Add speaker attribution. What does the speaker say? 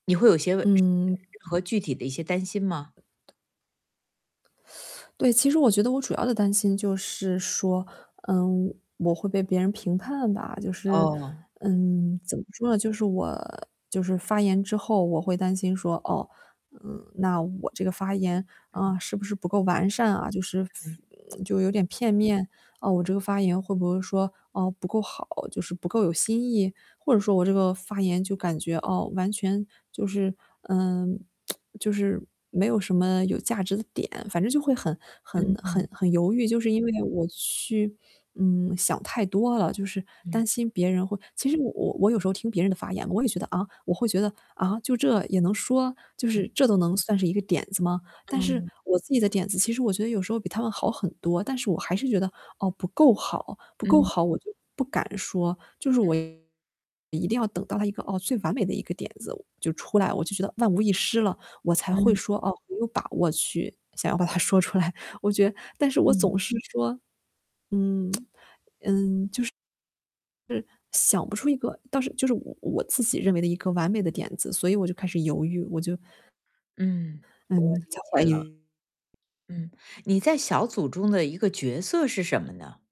Speaker 1: 你会有些
Speaker 2: 嗯。
Speaker 1: 和具体的一些担心吗？
Speaker 2: 对，其实我觉得我主要的担心就是说，嗯，我会被别人评判吧。就是，
Speaker 1: 哦。
Speaker 2: 嗯，怎么说呢，就是我就是发言之后，我会担心说，哦，嗯，那我这个发言，
Speaker 1: 嗯。
Speaker 2: 啊，是不是不够完善啊，就是
Speaker 1: 嗯。
Speaker 2: 就有点片面。嗯，我这个发言会不会说，哦，不够好，就是不够有新意？或者说我这个发言就感觉，哦，完全就是，呃，就是没有什么有价值的点，反正就会很很很
Speaker 1: 嗯。
Speaker 2: 很犹豫，就是因为我去，嗯，想太多了。就是
Speaker 1: 嗯。
Speaker 2: 担心别人会其实我我有时候听别人的发言，我也觉得，啊？我会觉得，啊，就这也能说？就
Speaker 1: 嗯。
Speaker 2: 是这都能算是一个点子吗？但是
Speaker 1: 嗯。
Speaker 2: 我自己的点子，其实我觉得有时候比他们好很多，但是我还是觉得，哦，不够好，不够
Speaker 1: 嗯。
Speaker 2: 好我就不敢说。就是我一定要等到了一个哦，最完美的一个点子就出来，我就觉得万无一失了，我才会
Speaker 1: 嗯。
Speaker 2: 说，哦，我有把握去想要把它说出来。我觉得但是我
Speaker 1: 嗯。
Speaker 2: 总是说，嗯，嗯，就是，想不出一个倒是就是我我自己认为的一个完美的点子，所以我就开始犹豫，我就
Speaker 1: 嗯，我
Speaker 2: 嗯，在
Speaker 1: 理
Speaker 2: 怀
Speaker 1: 解了。
Speaker 2: 疑。
Speaker 1: 嗯，你在小组中的一个角色是什么呢？